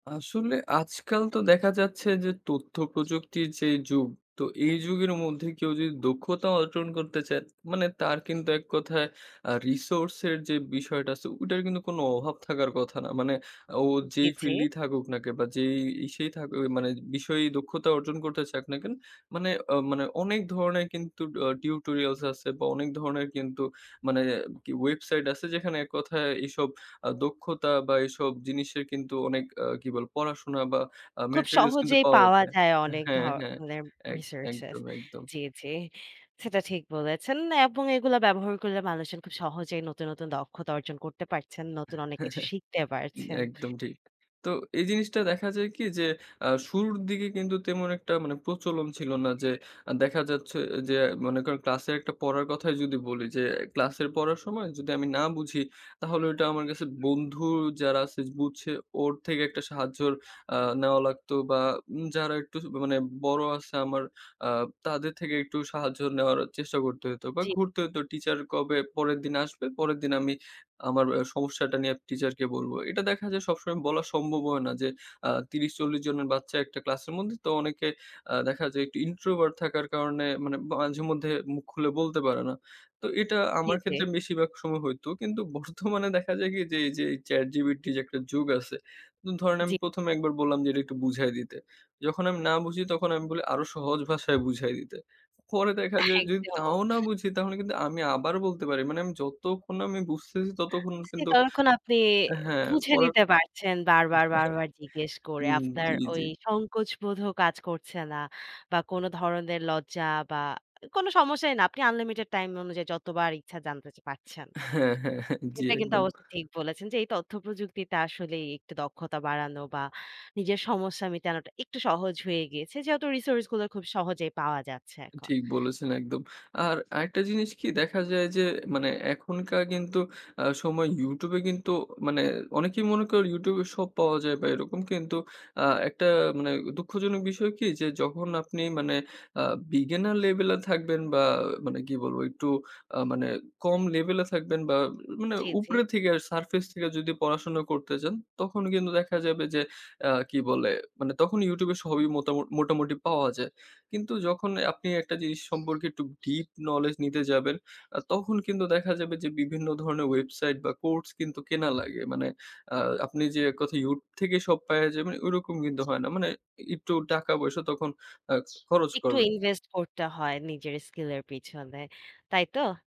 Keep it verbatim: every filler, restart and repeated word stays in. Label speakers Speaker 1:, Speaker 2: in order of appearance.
Speaker 1: আসলে আজকাল তো দেখা যাচ্ছে যে তথ্য প্রযুক্তির যেই যুগ, তো এই যুগের মধ্যে কেউ যদি দক্ষতা অর্জন করতে চায় মানে তার কিন্তু এক কথায় আ resource এর যে বিষয়টা আছে ওটার কিন্তু কোনো অভাব থাকার কথা না। মানে ও
Speaker 2: জি,
Speaker 1: যেই
Speaker 2: জি।
Speaker 1: field এই থাকুক নাকে বা যেই ইসেই থাকুক মানে বিষয়েই দক্ষতা অর্জন করতে চাক না কেন মানে, মানে অনেক ধরনের কিন্তু আ tutorials আছে বা অনেক ধরনের কিন্তু মানে আর কি website আছে যেখানে এক কথায় এইসব আ দক্ষতা বা এসব জিনিসের কিন্তু অনেক আ কি বলে পড়াশোনা বা
Speaker 2: খুব
Speaker 1: materials কিন্তু
Speaker 2: সহজেই
Speaker 1: পাওয়া
Speaker 2: পাওয়া
Speaker 1: যায়।
Speaker 2: যায় অনেক
Speaker 1: হ্যাঁ, হ্যাঁ।
Speaker 2: ধরনের
Speaker 1: একদম,
Speaker 2: researches।
Speaker 1: একদম, একদম।
Speaker 2: জি, জি। সেটা ঠিক বলেছেন এবং এগুলো ব্যবহার করলে মানুষজন খুব সহজেই নতুন নতুন দক্ষতা অর্জন করতে পারছেন। নতুন অনেক কিছু শিখতে পারছেন।
Speaker 1: একদম ঠিক। তো এই জিনিসটা দেখা যায় কি যে অ্যা শুরুর দিকে কিন্তু তেমন একটা মানে প্রচলন ছিল না যে আ দেখা যাচ্ছে যে মনে করেন ক্লাসের একটা পড়ার কথাই যদি বলি যে ক্লাসের পড়ার সময় যদি আমি না বুঝি তাহলে ওইটা আমার কাছে বন্ধু যারা আছে বুঝছে ওর থেকে একটা সাহায্য অ্যা নেওয়া লাগতো বা যারা একটু মানে বড়ো আছে আমার অ্যা তাদের থেকে একটু সাহায্য নেওয়ার চেষ্টা করতে হইতো বা
Speaker 2: জি।
Speaker 1: ঘুরতে হইতো teacher কবে পরের দিন আসবে পরের দিন আমি আমার সমস্যাটা নিয়ে টিচারকে বলবো। এটা দেখা যায় সবসময় বলা সম্ভব হয় না। যে আ তিরিশ চল্লিশ জনের বাচ্চা একটা ক্লাসের মধ্যে তো অনেকে অ্যাঁ দেখা যায় একটু introvert থাকার কারণে মানে মাঝে মধ্যে মুখ খুলে বলতে পারে না। তো এটা
Speaker 2: জি,
Speaker 1: আমার
Speaker 2: জি।
Speaker 1: ক্ষেত্রে বেশিরভাগ সময় হইতো কিন্তু বর্তমানে দেখা যায় কি যে এই যে এই চ্যাটজিপিটির যে একটা যুগ আছে ধরেন আমি
Speaker 2: জি।
Speaker 1: প্রথম এ একবার বললাম যে এটা একটু বুঝায় দিতে, যখন আমি না বুঝি তখন আমি বলি আরো সহজ ভাষায় বুঝাই দিতে। পরে দেখা যায় যদি
Speaker 2: একদম।
Speaker 1: তাও না বুঝি তাহলে কিন্তু আমি আবার বলতে পারি মানে আমি যতক্ষণ আমি বুঝতেছি ততক্ষণ কিন্তু
Speaker 2: ততক্ষণ আপনি
Speaker 1: অ্যা হ্যাঁ
Speaker 2: বুঝে নিতে
Speaker 1: পড়াটা
Speaker 2: পারছেন বারবার, বারবার জিজ্ঞেস করে
Speaker 1: উম,
Speaker 2: আপনার
Speaker 1: জি,
Speaker 2: ওই
Speaker 1: জি।
Speaker 2: সংকোচ বোধ কাজ করছে না বা কোন ধরনের লজ্জা বা কোন সমস্যাই না। আপনি unlimited time অনুযায়ী যতবার ইচ্ছা জানতে পারছেন।
Speaker 1: হ্যাঁ, হ্যাঁ, হ্যাঁ। জি
Speaker 2: এটা কিন্তু
Speaker 1: একদম।
Speaker 2: অবশ্য ঠিক বলেছেন যে এই তথ্যপ্রযুক্তিতে আসলে একটু দক্ষতা বাড়ানো বা নিজের সমস্যা মেটানোটা একটু সহজ হয়ে গেছে। যেহেতু resource গুলো খুব সহজেই পাওয়া যাচ্ছে এখন।
Speaker 1: ঠিক বলেছেন একদম। আর আরেকটা জিনিস কি দেখা যায় যে মানে এখনকার কিন্তু অ্যাঁ সময় YouTube এ কিন্তু মানে অনেকেই মনে করে YouTube এ সব পাওয়া যায় বা এরকম কিন্তু অ্যা একটা মানে দুঃখজনক বিষয় কি যে যখন আপনি মানে অ্যা beginner level এ থাকবেন বা মানে কি বলবো একটু আ মানে কম level এ থাকবেন বা মানে
Speaker 2: জি, জি।
Speaker 1: উপরে থেকে surface থেকে যদি পড়াশোনা করতে চান তখন কিন্তু দেখা যাবে যে অ্যাঁ কি বলে তখন YouTube এ সবই মোটামু মোটামুটি পাওয়া যায়। কিন্তু যখন আপনি একটা জিনিস সম্পর্কে একটু deep knowledge নিতে যাবেন অ্যা তখন কিন্তু দেখা যাবে যে বিভিন্ন ধরনের website বা course কিন্তু কেনা লাগে। মানে অ্যা আপনি যে এককথায় YouTube থেকে সব পায়ে যাবেন ওরকম কিন্তু হয় না। মানে একটু টাকা পয়সা তখন অ্যাঁ খরচ
Speaker 2: একটু
Speaker 1: করা লাগে।
Speaker 2: invest করতে হয় নিজের skill এর পিছনে। তাই তো?